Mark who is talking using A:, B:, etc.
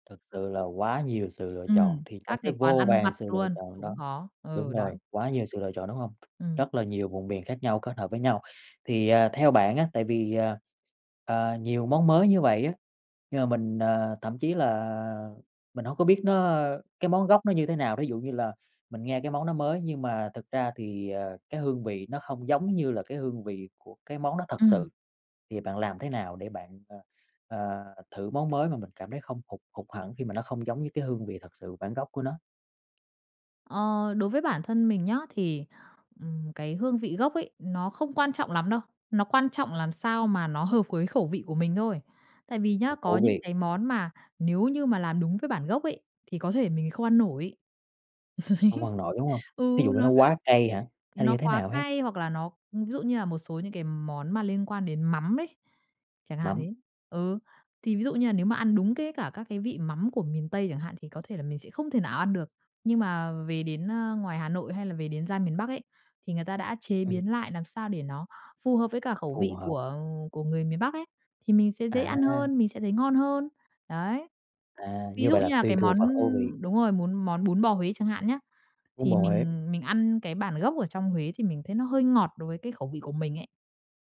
A: Thực sự là quá nhiều sự lựa chọn,
B: Ừm,
A: thì trong
B: các
A: cái
B: cái quán
A: vô
B: ăn vặt
A: vàn sự lựa
B: luôn,
A: chọn
B: cũng
A: đó
B: có. Ừ,
A: đúng rồi,
B: đấy.
A: quá nhiều sự lựa chọn, đúng hông?
B: Ừm.
A: Rất là nhiều vùng miền khác nhau kết hợp với nhau, thì, ờ, theo bạn á, tại vì, ờ, ờ, nhiều món mới như vậy á, nhưng mà mình, ờ, thậm chí là mình hông có biết nó cái món gốc nó như thế nào, thí dụ như là mình nghe cái món nó mới nhưng mà thực ra thì, ờ, cái hương vị nó không giống như là cái hương vị của cái món đó thật
B: Ừm.
A: sự, thì bạn làm thế nào để bạn, ờ, ờ, thử món mới mà mình cảm thấy không hụt hụt hẫng khi mà nó không giống như cái hương vị thật sự bản gốc của nó?
B: Ờ, đối với bản thân mình nhá, thì, ừm, cái hương vị gốc ấy, nó không quan trọng lắm đâu, nó quan trọng làm sao mà nó hợp với khẩu vị của mình thôi. Tại vì
A: Hợp
B: nhá, có
A: khẩu
B: những
A: vị.
B: cái món mà nếu như mà làm đúng với bản gốc ấy, thì có thể mình không ăn nổi.
A: Không ăn nổi, đúng hông? Thí
B: Ừ,
A: dụ như nó
B: nó
A: quá cay hả? Hay là
B: nó
A: như thế
B: quá
A: nào ha?
B: cay hoặc là nó, ưm, ví dụ như là một số những cái món mà liên quan đến mắm đi, chẳng hạn
A: Mắm.
B: thế. Ừ, thì ví dụ như là nếu mà ăn đúng cái cả các cái vị mắm của miền Tây chẳng hạn thì có thể là mình sẽ không thể nào ăn được, nhưng mà về đến, ơ, ngoài Hà Nội hay là về đến ra miền Bắc ấy, thì người ta đã chế
A: Ừm.
B: biến lại làm sao để nó phù hợp với cả khẩu
A: Phù
B: vị
A: hợp.
B: của của người miền Bắc ấy, thì mình sẽ dễ ăn
A: À!
B: hơn, mình sẽ thấy ngon hơn. Đấy,
A: À!
B: ví
A: Như
B: dụ
A: vậy là
B: như là
A: tùy
B: cái
A: thuộc
B: món,
A: vào khẩu vị.
B: ưm đúng rồi, muốn món bún bò Huế chẳng hạn nhá,
A: Bún
B: thì
A: bò Huế.
B: mình mình ăn cái bản gốc ở trong Huế thì mình thấy nó hơi ngọt đối với cái khẩu vị của mình ấy.